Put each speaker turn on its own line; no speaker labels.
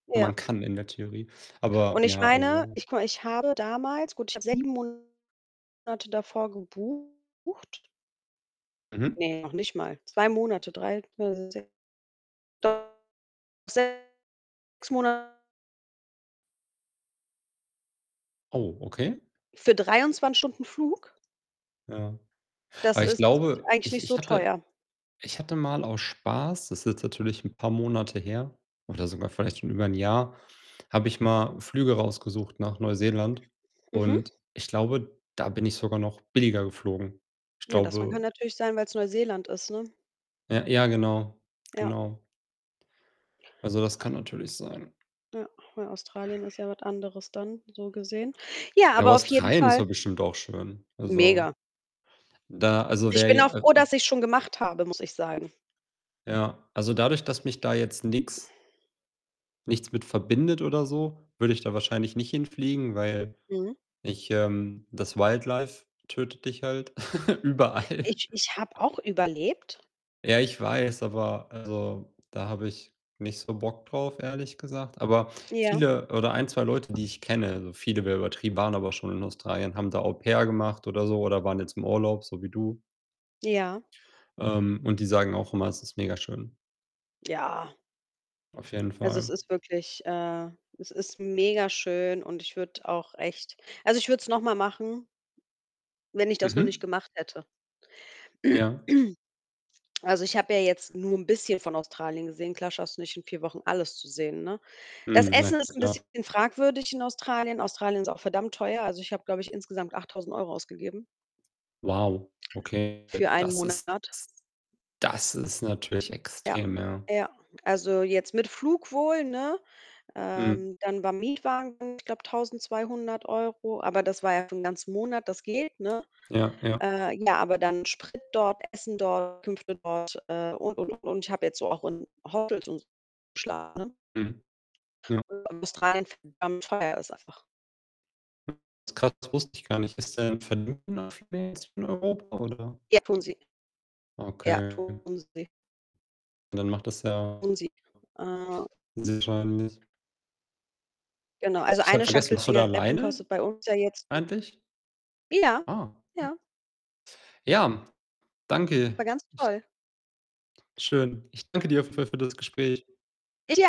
Ja.
Man kann in der Theorie aber
Und ich
ja,
meine,
also
ich gucke mal, ich habe damals gut, ich habe 7 Monate davor gebucht.
Mhm.
Ne, noch nicht mal. 2 Monate, 3, [unintelligible] 6 Mona
Oh, okay.
für 23 Stunden Flug.
Ja.
Das
Aber ich
ist
glaube,
eigentlich
ich
nicht
ich
so
hatte
teuer.
ich hatte mal aus Spaß das ist jetzt natürlich 'n paar Monate her oder sogar vielleicht schon über 'n Jahr, habe ich mal Flüge rausgesucht nach Neuseeland
Mhm.
und ich glaube, da bin ich sogar noch billiger geflogen. Ich
Ja, das Mann kann
glaube
natürlich sein, weil‘s Neuseeland ist, ne?
Ja, ja genau.
Ja.
Genau. Also, das
Ja.
kann natürlich sein.
Ja, weil Australien ist ja was anderes dann so gesehen. Ja,
Ja,
aber auf jeden
Australien ist
Fall
ja bestimmt auch schön. Also,
Mega.
da also,
Ich
wär
bin auch
ja, äh,
froh,
hm
dass ich‘s schon gemacht habe, muss ich sagen.
Ja, also dadurch, dass mich da jetzt nix nichts mit verbindet oder so, würde ich da wahrscheinlich nicht hinfliegen, weil
Mhm.
ich, ähm das Wildlife tötet dich halt überall.
Ich ich habe auch überlebt.
Ja, ich weiß, aber also, da habe ich nicht so Bock drauf, ehrlich gesagt. Aber
Ja.
viele oder 1, 2 Leute, die ich kenne also, viele wär übertrieben, waren aber schon in Australien, haben da Au-Pair gemacht oder so oder waren jetzt im Urlaub so wie du
Ja.
ähm, und die sagen auch immer, es ist mega schön.
Ja.
Auf jeden
Also, es
Fall.
ist wirklich, äh es ist mega schön und ich würde auch echt also, ich würde es noch mal machen, wenn ich das noch nicht
Mhm.
gemacht hätte.
Ja.
Also, ich habe ja jetzt nur 'n bisschen von Australien gesehen. Klar schaffst du nicht in 4 Wochen alles zu sehen, ne? Das
Mhm, na
Essen ist 'n bisschen
klar.
fragwürdig in Australien. Australien ist auch verdammt teuer. Also, ich habe, glaube ich, insgesamt 8.000 € ausgegeben.
Wow, okay,
Für einen
das ist
Monat.
s das ist natürlich
Ja,
extrem, ja.
ja. Also, jetzt mit Flug wohl, ne?
Mhm.
Ähm, dann war Mietwagen ich glaube 1.200 €, aber das war ja für 'n ganzen Monat, das geht, ne?
Ja, ja.
Äh, ja, aber dann Sprit dort, Essen dort, Unterkünfte dort, äh, und, und, und. Und ich habe jetzt so auch in Hotels und so geschlafen, ne?
Mhm, ja.
[unintelligible] Australien verdammt teuer ist einfach.
Hm, [unintelligible] das wusste ich gar nicht. [unintelligible] von Europa oder?
Ja, tun sie. Ja,
Okay.
tun sie.
Dann macht das ja
Tun sie. Äh
sehr wahrscheinlich
Genau. Also,
Ich habe
eine
vergessen,
Schachtel
bist du da
Zigaretten
alleine,
kostet bei uns ja jetzt [unintelligible]
eigentlich?
Ja,
Ah.
ja.
Ja, danke,
War ganz
ich
toll.
Schön. Ich danke dir für für das Gespräch.
[unintelligible]